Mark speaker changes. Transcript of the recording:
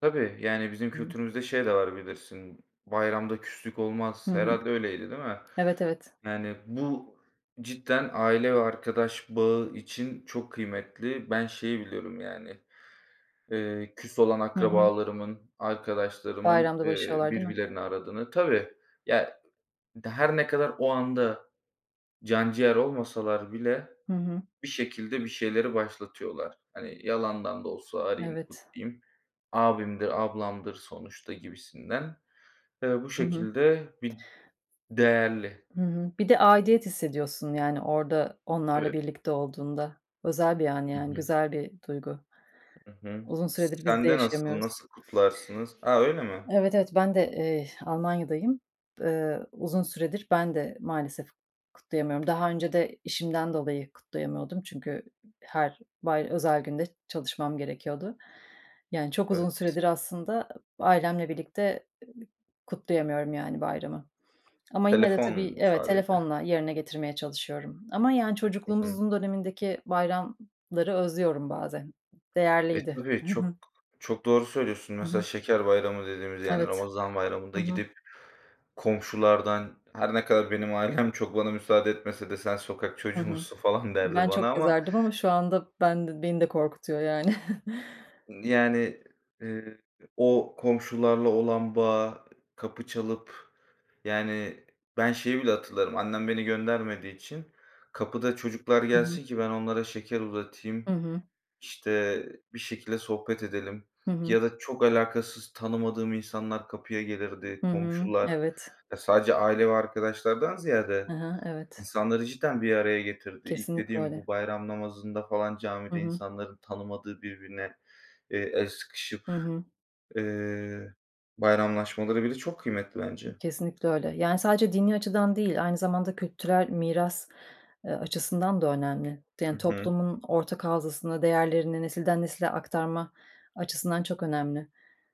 Speaker 1: Tabii, yani, bizim
Speaker 2: Hıı.
Speaker 1: kültürümüzde şey de var bilirsin, "Bayramda küslük
Speaker 2: Hı
Speaker 1: olmaz."
Speaker 2: hı.
Speaker 1: Herhâlde öyleydi, değil mi?
Speaker 2: Evet, evet.
Speaker 1: Yani, bu cidden aile ve arkadaş bağı için çok kıymetli. Ben şeyi biliyorum, yani. Eee, küs olan
Speaker 2: Hı hı.
Speaker 1: akrabalarımın, arkadaşlarımın,
Speaker 2: Bayramda
Speaker 1: eee,
Speaker 2: barışıyorlar değil mi?
Speaker 1: birbirlerini aradığını Tabii, ya, her ne kadar o anda canciğer olmasalar bile
Speaker 2: Hı hı.
Speaker 1: bir şekilde bir şeyleri başlatıyorlar. Hani, "Yalandan da olsa arayayım,
Speaker 2: Evet.
Speaker 1: kutlayayım, abimdir, ablamdır sonuçta," gibisinden. Eee, bu
Speaker 2: Hı hı.
Speaker 1: şekilde bir değerli.
Speaker 2: Hı hı. Bir de aidiyet hissediyorsun, yani, orada onlarla
Speaker 1: Evet.
Speaker 2: birlikte olduğunda. Özel bir an,
Speaker 1: Hı
Speaker 2: yani,
Speaker 1: hı.
Speaker 2: güzel bir duygu.
Speaker 1: Hı hı.
Speaker 2: Uzun
Speaker 1: S
Speaker 2: süredir biz
Speaker 1: sen
Speaker 2: de
Speaker 1: de nasıl,
Speaker 2: yaşayamıyoruz.
Speaker 1: nasıl kutlarsınız? A, öyle mi?
Speaker 2: Evet, evet, ben de, eee, Almanya'dayım. Eee, uzun süredir ben de maalesef kutlayamıyorum. Daha önce de işimden dolayı kutlayamıyordum çünkü her bay özel günde çalışmam gerekiyordu. Yani, çok
Speaker 1: Evet.
Speaker 2: uzun süredir aslında ı ailemle birlikte ı kutlayamıyorum, yani, bayramı ama yine de
Speaker 1: Telefon
Speaker 2: tabii,
Speaker 1: mu
Speaker 2: evet,
Speaker 1: sadece?
Speaker 2: telefonla yerine getirmeye çalışıyorum ama yani,
Speaker 1: Hı hı.
Speaker 2: çocukluğumuzun dönemindeki bayramları özlüyorum bazen.
Speaker 1: E,
Speaker 2: Değerliydi.
Speaker 1: tabii
Speaker 2: Hı hı.
Speaker 1: çok çok doğru söylüyorsun.
Speaker 2: Hı
Speaker 1: Mesela
Speaker 2: hı.
Speaker 1: Şeker Bayramı dediğimiz, yani
Speaker 2: Evet.
Speaker 1: Ramazan Bayramı'nda
Speaker 2: Hı hı.
Speaker 1: gidip komşulardan her ne kadar benim ailem çok bana müsaade etmese de "Sen
Speaker 2: Hı
Speaker 1: çocuğu
Speaker 2: hı.
Speaker 1: musun?" falan derdi
Speaker 2: Ben
Speaker 1: bana
Speaker 2: çok
Speaker 1: ama
Speaker 2: yazardım ama şu anda ben beni de korkutuyor, yani.
Speaker 1: Yani, eee, o komşularla olan bağı, kapı çalıp yani, ben şeyi bile hatırlarım, annem beni göndermediği için kapıda çocuklar
Speaker 2: Hı hı.
Speaker 1: gelsin ki ben onlara şeker uzatayım,
Speaker 2: Hı hı.
Speaker 1: işte, bir şekilde sohbet edelim
Speaker 2: Hı hı.
Speaker 1: ya da çok alakasız tanımadığım insanlar kapıya
Speaker 2: Hı
Speaker 1: gelirdi,
Speaker 2: hı.
Speaker 1: komşular.
Speaker 2: Evet.
Speaker 1: Sadece aile ve arkadaşlardan
Speaker 2: Hı
Speaker 1: ziyade
Speaker 2: hı. Evet.
Speaker 1: insanları cidden bir araya getirdi. İlk
Speaker 2: Kesinlikle
Speaker 1: dediğim bu
Speaker 2: öyle.
Speaker 1: bayram namazında falan,
Speaker 2: Hı
Speaker 1: camide
Speaker 2: hı.
Speaker 1: insanların tanımadığı birbirine, eee, el sıkışıp,
Speaker 2: Hı hı.
Speaker 1: eee, bayramlaşmaları bile çok kıymetli bence.
Speaker 2: Kesinlikle öyle. Yani, sadece dini açıdan değil aynı zamanda kültürel miras, eee, açısından da önemli.
Speaker 1: Hı
Speaker 2: Yani,
Speaker 1: hı.
Speaker 2: toplumun ortak hafızasını, değerlerini nesilden nesile aktarma açısından çok önemli.